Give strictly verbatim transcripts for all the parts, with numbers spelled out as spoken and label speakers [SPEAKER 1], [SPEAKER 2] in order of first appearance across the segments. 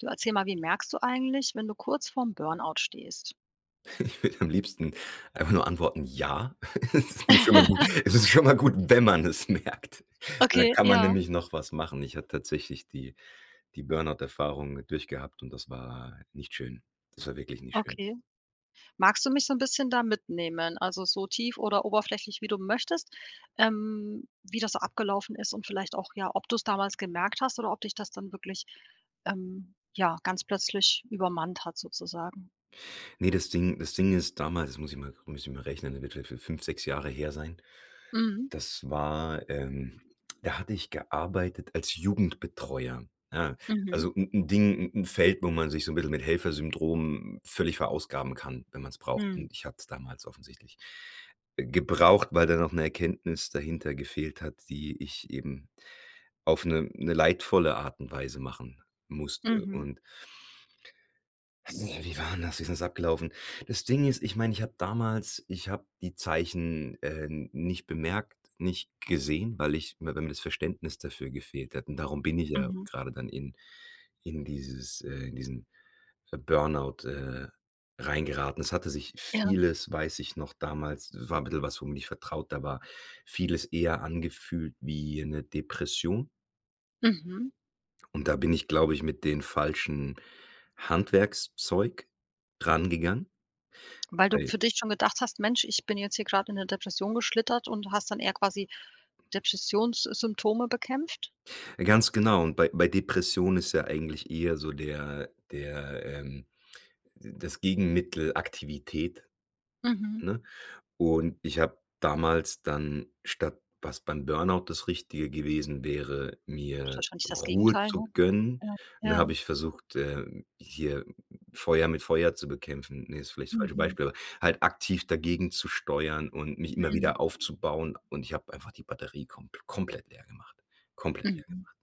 [SPEAKER 1] Du, erzähl mal, wie merkst du eigentlich, wenn du kurz vorm Burnout stehst?
[SPEAKER 2] Ich will am liebsten einfach nur antworten, ja. Es ist schon mal gut Es ist schon mal gut, wenn man es merkt. Weil, da
[SPEAKER 1] Okay,
[SPEAKER 2] kann man
[SPEAKER 1] ja.
[SPEAKER 2] nämlich noch was machen. Ich hatte tatsächlich die die Burnout-Erfahrung mit durchgehabt und das war nicht schön. Das war wirklich nicht schön.
[SPEAKER 1] Okay, magst du mich so 'n bisschen da mitnehmen, also so tief oder oberflächlich, wie du möchtest, ähm, wie das so abgelaufen ist und vielleicht auch, ja, ob du es damals gemerkt hast oder ob dich das dann wirklich, ähm, ja, ganz plötzlich übermannt hat sozusagen?
[SPEAKER 2] Ne, das Ding das Ding ist damals, das muss ich mal muss ich mal rechnen, der wird wird wird fünf, sechs Jahre her sein.
[SPEAKER 1] Mm.
[SPEAKER 2] Das war, ähm da hatte ich gearbeitet als Jugendbetreuer, ja.
[SPEAKER 1] Mhm.
[SPEAKER 2] Also 'n 'n Ding 'n 'n Feld, wo man sich so 'n bisschen mit Helfersyndrom völlig verausgaben kann, wenn man es braucht.
[SPEAKER 1] Mhm.
[SPEAKER 2] Und ich hatte es damals offensichtlich gebraucht, weil da noch 'ne Erkenntnis dahinter gefehlt hat, die ich eben auf 'ne 'ne leidvolle Art und Weise machen musste
[SPEAKER 1] Mhm.
[SPEAKER 2] und Wie war 'n das? Wie ist denn das abgelaufen? Das Ding ist ich meine, ich habe damals ich habe die Zeichen, äh, nicht bemerkt, nicht gesehen, weil ich weil m mir das Verständnis dafür gefehlt hätten, darum bin ich ja
[SPEAKER 1] Mhm.
[SPEAKER 2] gerade dann in in dieses, äh in diesen Burnout, äh, reingeraten. Es hatte sich
[SPEAKER 1] Ja.
[SPEAKER 2] vieles weiß ich noch damals, war 'n bisschen was, womit ich vertrauter war, vieles eher angefühlt wie 'ne Depression.
[SPEAKER 1] Mhm.
[SPEAKER 2] Und da bin ich, glaube ich, mit den falschen Handwerkszeug rangegangen.
[SPEAKER 1] Weil du
[SPEAKER 2] Weil
[SPEAKER 1] für dich schon gedacht hast: „Mensch, ich bin jetzt hier gerade in 'ne Depression geschlittert.“ Und hast dann eher quasi Depressionssymptome bekämpft?
[SPEAKER 2] Ganz genau und bei bei Depression ist ja eigentlich eher so der der, ähm das Gegenmittel Aktivität,
[SPEAKER 1] Mhm.
[SPEAKER 2] ne? Und ich habe damals dann, statt was beim Burnout das Richtige gewesen wäre,
[SPEAKER 1] Ist
[SPEAKER 2] mir
[SPEAKER 1] wahrscheinlich das
[SPEAKER 2] Ruhe
[SPEAKER 1] Gegenteil,
[SPEAKER 2] zu
[SPEAKER 1] ne?
[SPEAKER 2] gönnen,
[SPEAKER 1] Ja,
[SPEAKER 2] da habe
[SPEAKER 1] ja.
[SPEAKER 2] ich versucht, ähm, hier Feuer mit Feuer zu bekämpfen. Ne, ist vielleicht das falsche
[SPEAKER 1] Mhm.
[SPEAKER 2] Beispiel. Aber halt aktiv dagegenzusteuern und mich immer
[SPEAKER 1] Mm.
[SPEAKER 2] wieder aufzubauen und ich habe einfach die Batterie kompl komplett leer gemacht, komplett leer
[SPEAKER 1] Mhm.
[SPEAKER 2] gemacht.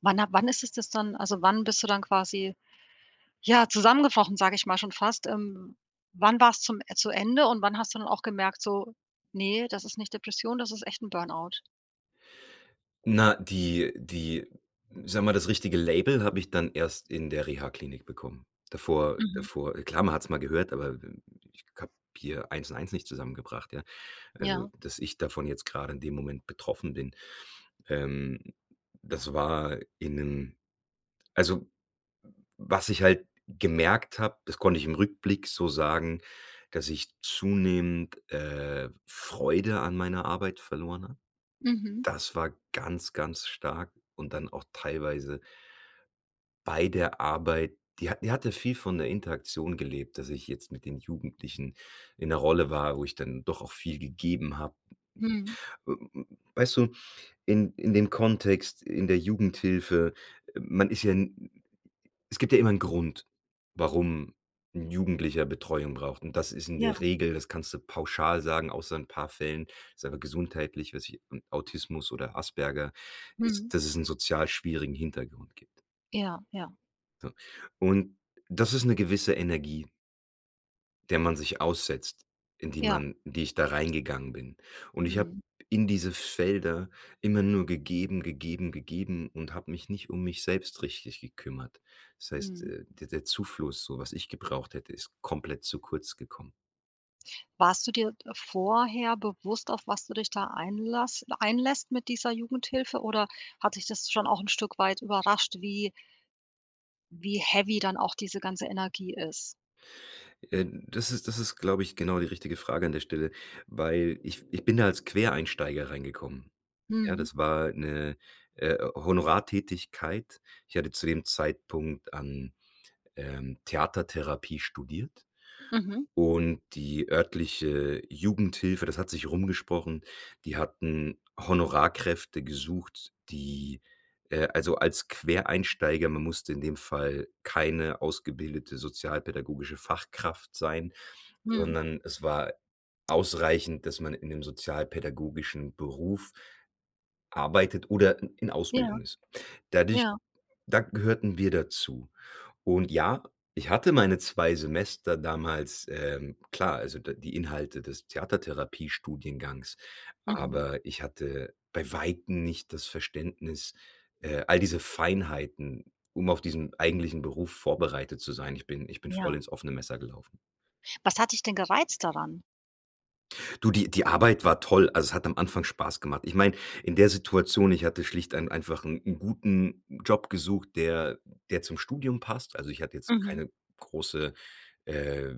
[SPEAKER 1] Wann ha wann ist es das dann also, wann bist du dann quasi, ja, zusammengebrochen, sage ich mal schon fast? Ähm, wann war's zum zu Ende und wann hast du dann auch gemerkt, so: „Ne, das ist nicht Depression, das ist echt 'n Burnout.“
[SPEAKER 2] Na, die die ich sage mal, das richtige Label habe ich dann erst in der Rehaklinik bekommen. Davor
[SPEAKER 1] Mhm.
[SPEAKER 2] davor klar, man hat es mal gehört, aber ich habe hier eins und eins nicht zusammengebracht, ja. Also,
[SPEAKER 1] Ja.
[SPEAKER 2] dass ich davon jetzt gerade in dem Moment betroffen bin, ähm, das war in 'nem also, was ich halt gemerkt habe, das konnte ich im Rückblick so sagen, dass ich zunehmend, äh, Freude an meiner Arbeit verloren habe.
[SPEAKER 1] Mhm.
[SPEAKER 2] Das war ganz ganz stark und dann auch teilweise bei der Arbeit die hat die hatte viel von der Interaktion gelebt, dass ich jetzt mit den Jugendlichen in der Rolle war, wo ich dann doch auch viel gegeben habe.
[SPEAKER 1] Mhm.
[SPEAKER 2] Weißt du, in in den Kontext in der Jugendhilfe man ist ja n es gibt ja immer 'n Grund, warum 'n Jugendlicher Betreuung braucht und das ist in
[SPEAKER 1] Ja.
[SPEAKER 2] der Regel das kannst du pauschal sagen, außer in 'n paar Fällen, ist einfach gesundheitlich, weiß nicht, Autismus oder Asperger,
[SPEAKER 1] Mhm.
[SPEAKER 2] ist, dass es 'n sozial schwierigen Hintergrund gibt.
[SPEAKER 1] Ja, ja.
[SPEAKER 2] So, und das ist 'ne gewisse Energie der man sich aussetzt, in die
[SPEAKER 1] Ja.
[SPEAKER 2] man in die ich da reingegangen bin. Und ich habe
[SPEAKER 1] Mhm.
[SPEAKER 2] in diese Felder immer nur gegeben, gegeben, gegeben und habe mich nicht um mich selbst richtig gekümmert. Das heißt,
[SPEAKER 1] Mhm.
[SPEAKER 2] äh, der der Zufluss, so was ich gebraucht hätte, ist komplett zu kurz gekommen.
[SPEAKER 1] Warst du dir, äh, vorher bewusst, auf was du dich da einlasst einlässt mit dieser Jugendhilfe oder hat dich das schon auch 'n Stück weit überrascht, wie wie heavy dann auch diese ganze Energie ist?
[SPEAKER 2] Äh, das ist das ist, glaube ich, genau die richtige Frage an der Stelle, weil ich ich bin da als Quereinsteiger reingekommen, ja?
[SPEAKER 1] Mhm.
[SPEAKER 2] Das war 'ne, äh, Honorartätigkeit. Ich hatte zu dem Zeitpunkt an, ähm, Theatertherapie studiert
[SPEAKER 1] Mhm.
[SPEAKER 2] und die örtliche Jugendhilfe- das hat sich rumgesprochen- die hatten Honorarkräfte gesucht, die äh, also, als Quereinsteiger, man musste in dem Fall keine ausgebildete sozialpädagogische Fachkraft sein,
[SPEAKER 1] Mhm.
[SPEAKER 2] sondern es war ausreichend, dass man in dem sozialpädagogischen Beruf arbeitet oder i in
[SPEAKER 1] Ja.
[SPEAKER 2] Ausbildung ist. Dadurch
[SPEAKER 1] Ja.
[SPEAKER 2] da gehörten wir dazu. Und ja, ich hatte meine zwei Semester damals, ähm, klar, also, d die Inhalte des Theatertherapiestudiengangs,
[SPEAKER 1] Mhm.
[SPEAKER 2] aber ich hatte bei Weitem nicht das Verständnis, äh, all diese Feinheiten, um auf diesen eigentlichen Beruf vorbereitet zu sein. Ich bin ich bin voll
[SPEAKER 1] Ja.
[SPEAKER 2] ins offene Messer gelaufen.
[SPEAKER 1] Was hat dich denn gereizt daran?
[SPEAKER 2] Du, die die Arbeit war toll, also, es hat am Anfang Spaß gemacht. Ich meine, in der Situation, ich hatte schlicht einen einfach 'n 'n guten Job gesucht, der der zum Studium passt. Also, ich hatte jetzt
[SPEAKER 1] Mhm.
[SPEAKER 2] keine große äh,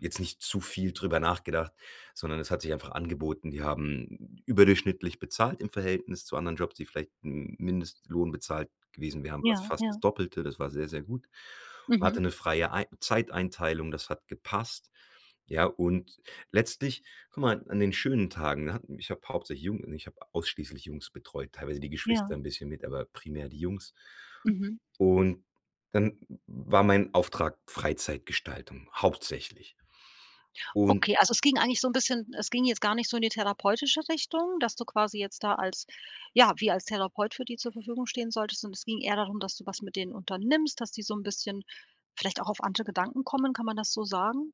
[SPEAKER 2] jetzt nicht zu viel drüber nachgedacht, sondern es hat sich einfach angeboten. Die haben überdurchschnittlich bezahlt im Verhältnis zu anderen Jobs, die vielleicht 'n Mindestlohn bezahlt gewesen wären, war's
[SPEAKER 1] Ja,
[SPEAKER 2] fast das
[SPEAKER 1] ja.
[SPEAKER 2] Doppelte, das war sehr, sehr gut. Hatte
[SPEAKER 1] Mhm.
[SPEAKER 2] 'ne freie ei Zeiteinteilung, das hat gepasst. Ja, und letztlich guck mal, an den schönen Tagen, da hatten ich habe hauptsächlich Jung ne, ich habe ausschließlich Jungs betreut, teilweise die Geschwister
[SPEAKER 1] Ja.
[SPEAKER 2] 'n bisschen mit, aber primär die Jungs.
[SPEAKER 1] Mhm.
[SPEAKER 2] Und, dann war mein Auftrag Freizeitgestaltung hauptsächlich. Und
[SPEAKER 1] Okay, also, es ging eigentlich so 'n bisschen es ging jetzt gar nicht so in die therapeutische Richtung, dass du quasi jetzt da als ja, wie als Therapeut für die zur Verfügung stehen solltest, sondern es ging eher darum, dass du was mit denen unternimmst, dass die so 'n bisschen vielleicht auch auf andere Gedanken kommen. Kann man das so sagen?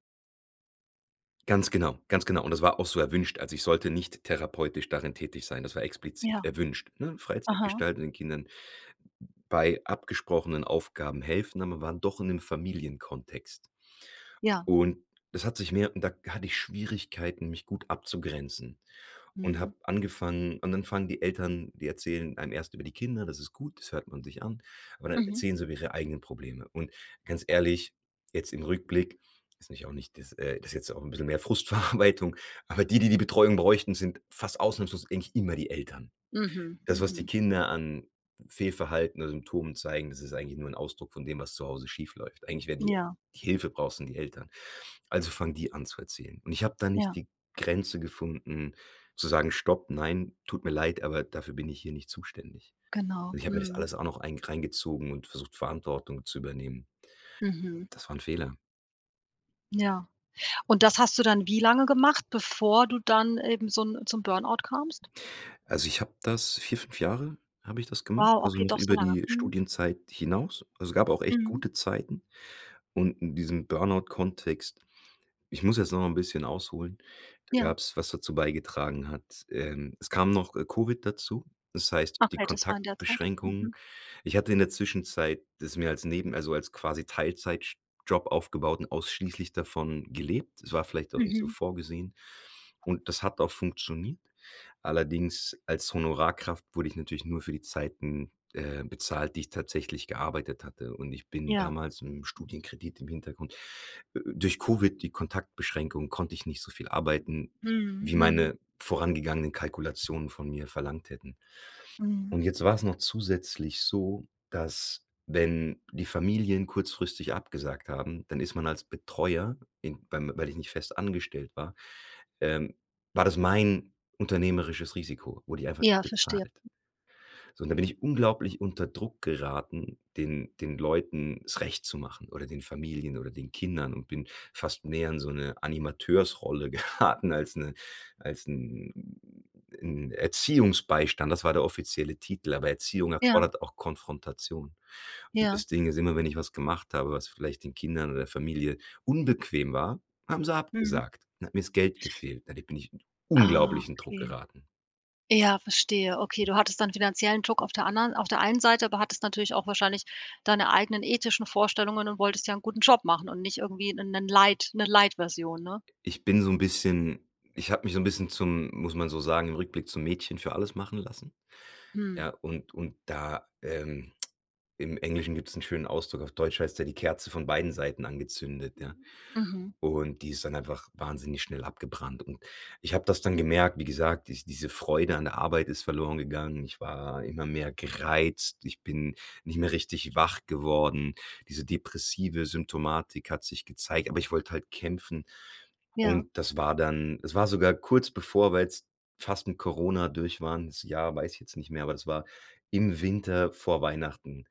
[SPEAKER 2] Ganz genau, ganz genau. Und das war auch so erwünscht. Also, ich sollte nicht therapeutisch darin tätig sein. Das war explizit
[SPEAKER 1] Ja.
[SPEAKER 2] erwünscht, ne?
[SPEAKER 1] Aha.
[SPEAKER 2] Freizeitgestaltenden Kindern, bei abgesprochenen Aufgaben helfen, aber waren doch in 'nem Familienkontext.
[SPEAKER 1] Ja.
[SPEAKER 2] Und es hat sich mehr da hatte ich Schwierigkeiten, mich gut abzugrenzen und
[SPEAKER 1] Mhm.
[SPEAKER 2] habe angefangen und dann fangen die Eltern die erzählen einem erst über die Kinder, das ist gut, das hört man sich an, aber dann
[SPEAKER 1] Mhm.
[SPEAKER 2] erzählen sie über ihre eigenen Probleme. Und ganz ehrlich, jetzt im Rückblick, weiß ich auch nicht, das äh, das ist jetzt auch 'n bisschen mehr Frustverarbeitung, aber die, die, die Betreuung bräuchten, sind fast ausnahmslos eigentlich immer die Eltern.
[SPEAKER 1] Mhm,
[SPEAKER 2] Das, was die
[SPEAKER 1] mhm.
[SPEAKER 2] Kinder an Fehlverhalten oder Symptomen zeigen, das ist eigentlich nur 'n Ausdruck von dem, was zu Hause schief läuft. Eigentlich wären die,
[SPEAKER 1] Ja.
[SPEAKER 2] die Hilfe brauchen sind die Eltern. Also, fangen die an zu erzählen. Und ich habe da nicht
[SPEAKER 1] Ja.
[SPEAKER 2] die Grenze gefunden zu sagen: „Stopp, nein, tut mir leid, aber dafür bin ich hier nicht zuständig.“
[SPEAKER 1] Genau,
[SPEAKER 2] Und ich habe mir das
[SPEAKER 1] mhm.
[SPEAKER 2] alles auch noch ein reingezogen und versucht, Verantwortung zu übernehmen.
[SPEAKER 1] Mhm.
[SPEAKER 2] Das war 'n Fehler.
[SPEAKER 1] Ja. Und das hast du dann wie lange gemacht, bevor du dann eben so 'n zum Burn-out kamst?
[SPEAKER 2] Also, ich habe das vier, fünf Jahre habe ich das gemacht,
[SPEAKER 1] Wow,
[SPEAKER 2] also
[SPEAKER 1] okay,
[SPEAKER 2] noch
[SPEAKER 1] doch so
[SPEAKER 2] über
[SPEAKER 1] lange.
[SPEAKER 2] die
[SPEAKER 1] Mhm.
[SPEAKER 2] Studienzeit hinaus. Also, gab auch echt
[SPEAKER 1] Mhm.
[SPEAKER 2] gute Zeiten und in diesem Burn-out-Kontext Ich muss jetzt noch mal 'n bisschen ausholen, da
[SPEAKER 1] Ja.
[SPEAKER 2] gab's was dazu beigetragen hat. Ähm, es kam noch, äh, Covid dazu, das heißt, die
[SPEAKER 1] Okay, das war in der Zeit.
[SPEAKER 2] Kontaktbeschränkungen.
[SPEAKER 1] Mhm.
[SPEAKER 2] Ich hatte in der Zwischenzeit das mir als neben also, als quasi Teilzeit-Job aufgebaut und ausschließlich davon gelebt. Es war vielleicht auch nicht so
[SPEAKER 1] Mhm.
[SPEAKER 2] vorgesehen und das hat auch funktioniert. Allerdings als Honorarkraft wurde ich natürlich nur für die Zeiten, äh, bezahlt, die ich tatsächlich gearbeitet hatte und ich bin
[SPEAKER 1] Ja.
[SPEAKER 2] damals im Studienkredit im Hintergrund äh, durch Covid, die Kontaktbeschränkung, konnte ich nicht so viel arbeiten,
[SPEAKER 1] Mhm,
[SPEAKER 2] wie
[SPEAKER 1] hm.
[SPEAKER 2] meine vorangegangenen Kalkulationen von mir verlangt hätten.
[SPEAKER 1] Mhm.
[SPEAKER 2] Und jetzt war's noch zusätzlich so, dass, wenn die Familien kurzfristig abgesagt haben, dann ist man als Betreuer, in weil man weil ich nicht fest angestellt war ähm, war das mein unternehmerisches Risiko, wurde ich einfach nicht
[SPEAKER 1] Ja, verstehe.
[SPEAKER 2] bezahlt. So, und da bin ich unglaublich unter Druck geraten, den den Leuten es Recht zu machen, oder den Familien, oder den Kindern und bin fast mehr in so 'ne Animateursrolle geraten als 'ne als 'n 'n Erziehungsbeistand. Das war der offizielle Titel, aber Erziehung
[SPEAKER 1] Ja.
[SPEAKER 2] erfordert auch Konfrontation. Und
[SPEAKER 1] Ja.
[SPEAKER 2] das Ding ist immer, wenn ich was gemacht habe, was vielleicht den Kindern oder Familie unbequem war, haben sie
[SPEAKER 1] Mhm.
[SPEAKER 2] abgesagt. Dann hat mir 's Geld gefehlt. Dadurch bin ich in
[SPEAKER 1] Ah,
[SPEAKER 2] unglaublichen Druck
[SPEAKER 1] okay.
[SPEAKER 2] geraten.
[SPEAKER 1] Ja, verstehe, okay, du hattest deinen finanziellen Druck auf der anderen auf der einen Seite, aber hattest natürlich auch wahrscheinlich deine eigenen ethischen Vorstellungen und wolltest ja 'n guten Job machen und nicht irgendwie 'nen 'nen Light 'ne Light-Version, ne?
[SPEAKER 2] Ich bin so 'n bisschen ich habe mich so 'n bisschen zum muss man so sagen, im Rückblick zum Mädchen für alles machen lassen.
[SPEAKER 1] Hm.
[SPEAKER 2] Ja, und und da, ähm, im Englischen gibt's 'n schönen Ausdruck, auf Deutsch heißt's ja: „Die Kerze von beiden Seiten angezündet“, ja?
[SPEAKER 1] Mhm.
[SPEAKER 2] Und die ist dann einfach wahnsinnig schnell abgebrannt. Und ich habe das dann gemerkt, wie gesagt, die diese Freude an der Arbeit ist verloren gegangen. Ich war immer mehr gereizt. Ich bin nicht mehr richtig wach geworden. Diese depressive Symptomatik hat sich gezeigt, aber ich wollte halt kämpfen
[SPEAKER 1] Ja.
[SPEAKER 2] und das war dann es war sogar kurz bevor weil's fast mit Corona durch waren, 's Jahr, weiß ich jetzt nicht mehr, aber es war im Winter, vor Weihnachten.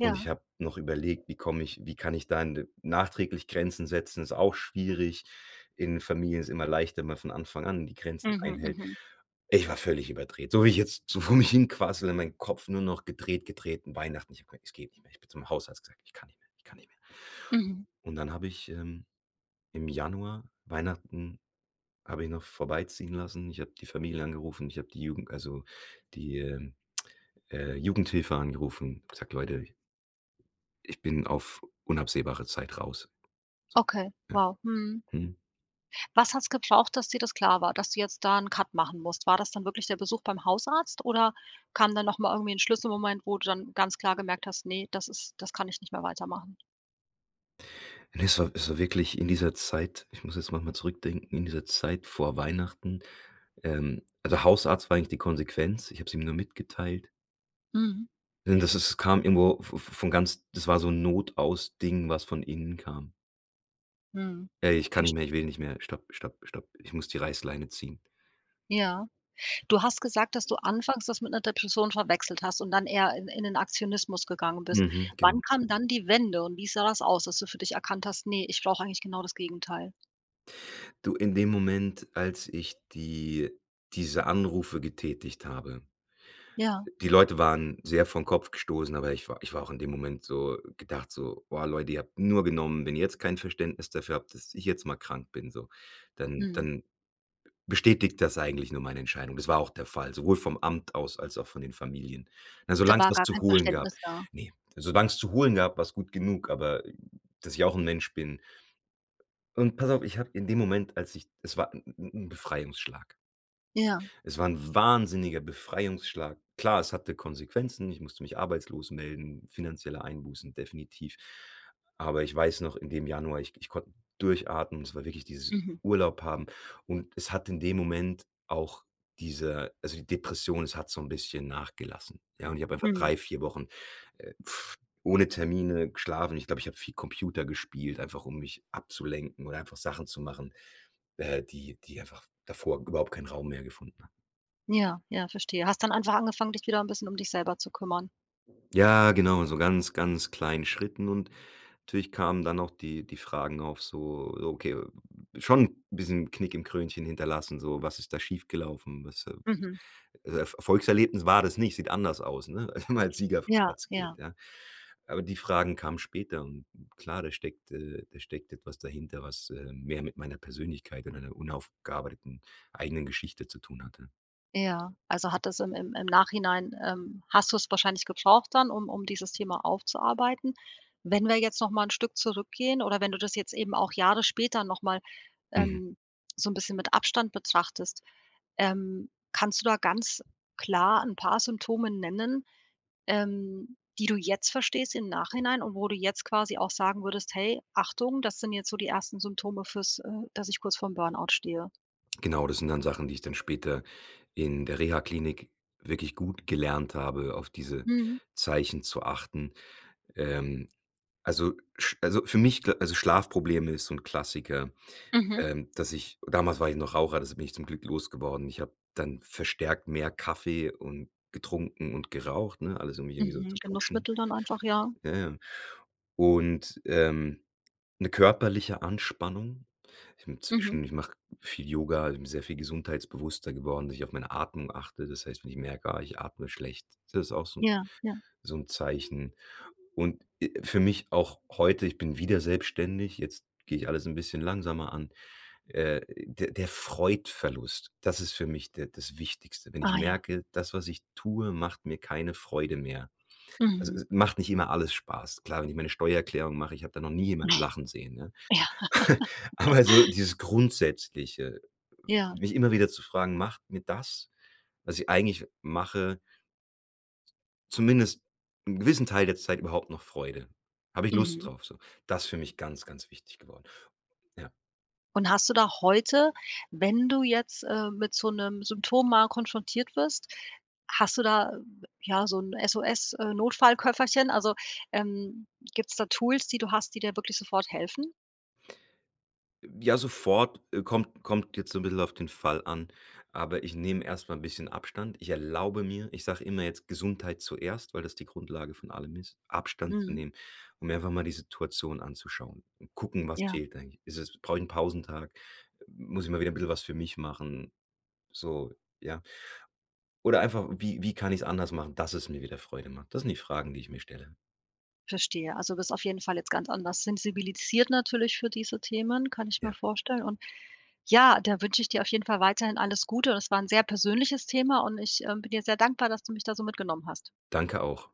[SPEAKER 2] Und ich habe noch überlegt: „Wie komme ich wie kann ich da n d nachträglich Grenzen setzen?“ Ist auch schwierig, in Familien ist immer leichter, man von Anfang an die Grenzen
[SPEAKER 1] Mhm,
[SPEAKER 2] einhält.
[SPEAKER 1] mhm.
[SPEAKER 2] Ich war völlig überdreht. So wie ich jetzt so vor mich hin quassele, mein Kopf nur noch gedreht, gedreht, 'n Weihnachten. Ich habe gesagt: „Es geht nicht mehr.“ Ich bin zum Hausarzt, gesagt: „Ich kann nicht mehr, ich kann nicht mehr.“
[SPEAKER 1] Mhm.
[SPEAKER 2] Und dann habe ich, ähm, im Januar Weihnachten, habe ich noch vorbeiziehen lassen. Ich habe die Familie angerufen, ich habe die Jugend also, die, äh, äh, Jugendhilfe angerufen, gesagt: „Leute, ich“ „ich bin auf unabsehbare Zeit raus.“ So.
[SPEAKER 1] Okay.
[SPEAKER 2] Äh.
[SPEAKER 1] Wow. Mhm.
[SPEAKER 2] Hm.
[SPEAKER 1] Was hat's gebraucht, dass dir das klar war, dass du jetzt da 'n Cut machen musst? War das dann wirklich der Besuch beim Hausarzt oder kam dann noch mal irgendwie 'n Schlüsselmoment, wo du dann ganz klar gemerkt hast, ne, das ist das kann ich nicht mehr weitermachen?
[SPEAKER 2] Es war es war wirklich in dieser Zeit ich muss jetzt noch mal zurückdenken, in dieser Zeit vor Weihnachten. Ähm, also, Hausarzt war eigentlich die Konsequenz. Ich hab's ihm nur mitgeteilt.
[SPEAKER 1] Mhm.
[SPEAKER 2] Das das kam irgendwo v v von ganz das war so 'n Notaus Ding, was von innen kam.
[SPEAKER 1] Mhm.
[SPEAKER 2] „Ey, ich kann
[SPEAKER 1] Verst
[SPEAKER 2] nicht mehr, ich will nicht mehr, stopp, stopp, stopp. Ich muss die Reißleine ziehen.“
[SPEAKER 1] Ja, du hast gesagt, dass du anfangs das mit 'ner Depression verwechselt hast und dann eher in in den Aktionismus gegangen bist,
[SPEAKER 2] Mhm. Genau.
[SPEAKER 1] wann kam dann die Wende und wie sah das aus, dass du für dich erkannt hast: „Ne, ich brauche eigentlich genau das Gegenteil.“?
[SPEAKER 2] Du, in dem Moment, als ich die diese Anrufe getätigt habe
[SPEAKER 1] Ja.
[SPEAKER 2] die Leute waren sehr vorn Kopf gestossen, aber ich wa ich war auch in dem Moment so, gedacht so: „Boah Leute, ihr habt nur genommen, wenn ihr jetzt kein Verständnis dafür habt, dass ich jetzt mal krank bin, so, dann
[SPEAKER 1] Mhm.
[SPEAKER 2] dann bestätigt das eigentlich nur meine Entscheidung.“ Das war auch der Fall, sowohl vom Amt aus als auch von den Familien. Na,
[SPEAKER 1] Da
[SPEAKER 2] solang's es
[SPEAKER 1] war
[SPEAKER 2] was
[SPEAKER 1] gar
[SPEAKER 2] zu
[SPEAKER 1] kein
[SPEAKER 2] holen gab.
[SPEAKER 1] Verständnis da?
[SPEAKER 2] Ne, solang 's zu holen gab, war 's gut genug, aber dass ich auch 'n Mensch bin und pass auf, ich habe in dem Moment, als ich es war 'n 'n 'n 'n Befreiungsschlag.
[SPEAKER 1] Ja.
[SPEAKER 2] Es war 'n wahnsinniger Befreiungsschlag. Klar, es hatte Konsequenzen, ich musste mich arbeitslos melden, finanzielle Einbußen definitiv, aber ich weiß noch in dem Januar, ich k ich konnte durchatmen und es war wirklich dieses
[SPEAKER 1] Mhm.
[SPEAKER 2] Urlaub haben und es hat in dem Moment auch diese also, die Depression, es hat so 'n bisschen nachgelassen, ja. Und ich hab einfach
[SPEAKER 1] Mhm.
[SPEAKER 2] drei, vier Wochen, äh, ohne Termine geschlafen. Ich glaube, ich habe viel Computer gespielt, einfach um mich abzulenken oder einfach Sachen zu machen, äh, die die einfach davor überhaupt keinen Raum mehr gefunden haben.
[SPEAKER 1] Ja, ja, verstehe. Hast dann einfach angefangen, dich wieder 'n bisschen um dich selber zu kümmern?
[SPEAKER 2] Ja, genau, so ganz, ganz kleinen Schritten und natürlich kamen dann auch die die Fragen auf so, okay, schon 'n bisschen Knick im Krönchen hinterlassen, so: „Was ist da schiefgelaufen?“ Was äh,
[SPEAKER 1] Mhm.
[SPEAKER 2] äh, Er Erfolgserlebnis war das nicht, sieht anders aus, ne? Wenn man als Sieger vom
[SPEAKER 1] Ja,
[SPEAKER 2] Platz geht,
[SPEAKER 1] ja.
[SPEAKER 2] ja? Aber die Fragen kamen später und und klar, da steckt äh, da steckt etwas dahinter, was, ähm, mehr mit meiner Persönlichkeit und meiner unaufgearbeiteten eigenen Geschichte zu tun hatte.
[SPEAKER 1] Ja, also, hat das im im im Nachhinein, ähm, hast du es wahrscheinlich gebraucht dann, um um dieses Thema aufzuarbeiten. Wenn wir jetzt noch mal 'n Stück zurückgehen oder wenn du das jetzt eben auch Jahre später noch mal,
[SPEAKER 2] Mhm.
[SPEAKER 1] ähm, so `n bisschen mit Abstand betrachtest, ähm, kannst du da ganz klar 'n paar Symptome nennen, ähm die du jetzt verstehst im Nachhinein und wo du jetzt quasi auch sagen würdest: „Hey Achtung, das sind jetzt so die ersten Symptome fürs äh, dass ich kurz vorm Burnout stehe?“
[SPEAKER 2] Genau, das sind dann Sachen, die ich dann später in der Rehaklinik wirklich gut gelernt habe, auf diese
[SPEAKER 1] Mhm.
[SPEAKER 2] Zeichen zu achten. Ähm, also, sch also für mich, also Schlafprobleme ist so 'n Klassiker,
[SPEAKER 1] Mhm.
[SPEAKER 2] ähm, dass ich damals war ich noch Raucher, das bin ich zum Glück losgeworden. Ich habe dann verstärkt mehr Kaffee und getrunken und geraucht, ne? Alles um mich irgendwie so
[SPEAKER 1] Mhm.
[SPEAKER 2] zu putschen.
[SPEAKER 1] Genussmittel dann einfach, ja.
[SPEAKER 2] Jaja. Und, ähm, 'ne körperliche Anspannung. Ich bin
[SPEAKER 1] Mhm.
[SPEAKER 2] zwischendurch ich mache viel Yoga, bin sehr viel gesundheitsbewusster geworden, dass ich auf meine Atmung achte. Das heißt, wenn ich merke: „Ah, ich atme schlecht.“ Das ist auch so 'n
[SPEAKER 1] Ja, ja.
[SPEAKER 2] so 'n Zeichen und, äh, für mich auch heute, ich bin wieder selbstständig, jetzt gehe ich alles 'n bisschen langsamer an. Äh, der der Freudverlust, das ist für mich de das Wichtigste, wenn ich
[SPEAKER 1] Ah ja.
[SPEAKER 2] merke: „Das, was ich tue, macht mir keine Freude mehr.“ Also,
[SPEAKER 1] Mhm.
[SPEAKER 2] es es macht nicht immer alles Spaß, klar, wenn ich meine Steuererklärung mache, ich habe da noch nie
[SPEAKER 1] Ne.
[SPEAKER 2] jemanden lachen sehen, ne?
[SPEAKER 1] Ja.
[SPEAKER 2] Aber so dieses Grundsätzliche,
[SPEAKER 1] Ja.
[SPEAKER 2] mich immer wieder zu fragen, macht mir das, was ich eigentlich mache zumindest 'n gewissen Teil der Zeit überhaupt noch Freude. Habe ich Lust
[SPEAKER 1] Mhm.
[SPEAKER 2] drauf, so? Das ist für mich ganz, ganz wichtig geworden. Ja.
[SPEAKER 1] Und hast du da heute, wenn du jetzt, äh, mit so 'nem Symptom mal konfrontiert wirst, hast du da, ja, so 'n SOS, äh, Notfallköfferchen also, ähm, gibt's da Tools, die du hast, die dir wirklich sofort helfen?
[SPEAKER 2] Ja, sofort, äh, kommt kommt jetzt so 'n bissel auf den Fall an, aber ich nehme erst mal 'n bisschen Abstand. Ich erlaube mir ich sage immer jetzt: „Gesundheit zuerst“, weil das die Grundlage von allem ist, Abstand zu
[SPEAKER 1] Mhm.
[SPEAKER 2] nehmen, und mir einfach mal die Situation anzuschauen und gucken: „Was
[SPEAKER 1] Ja.
[SPEAKER 2] fehlt eigentlich? Ist es brauche ich 'n Pausentag? Muss ich mal wieder bissel was für mich machen?“ So, ja. Oder einfach: „Wie wie kann ich's anders machen, dass es mir wieder Freude macht?“ Das sind die Fragen, die ich mir stelle.
[SPEAKER 1] Verstehe, also, bist du auf jeden Fall jetzt ganz anders sensibilisiert, natürlich für diese Themen, kann ich mir
[SPEAKER 2] Ja.
[SPEAKER 1] vorstellen und ja, da wünsche ich dir auf jeden Fall weiterhin alles Gute und das war 'n sehr persönliches Thema und ich, ähm, bin dir sehr dankbar, dass du mich da so mitgenommen hast.
[SPEAKER 2] Danke, auch.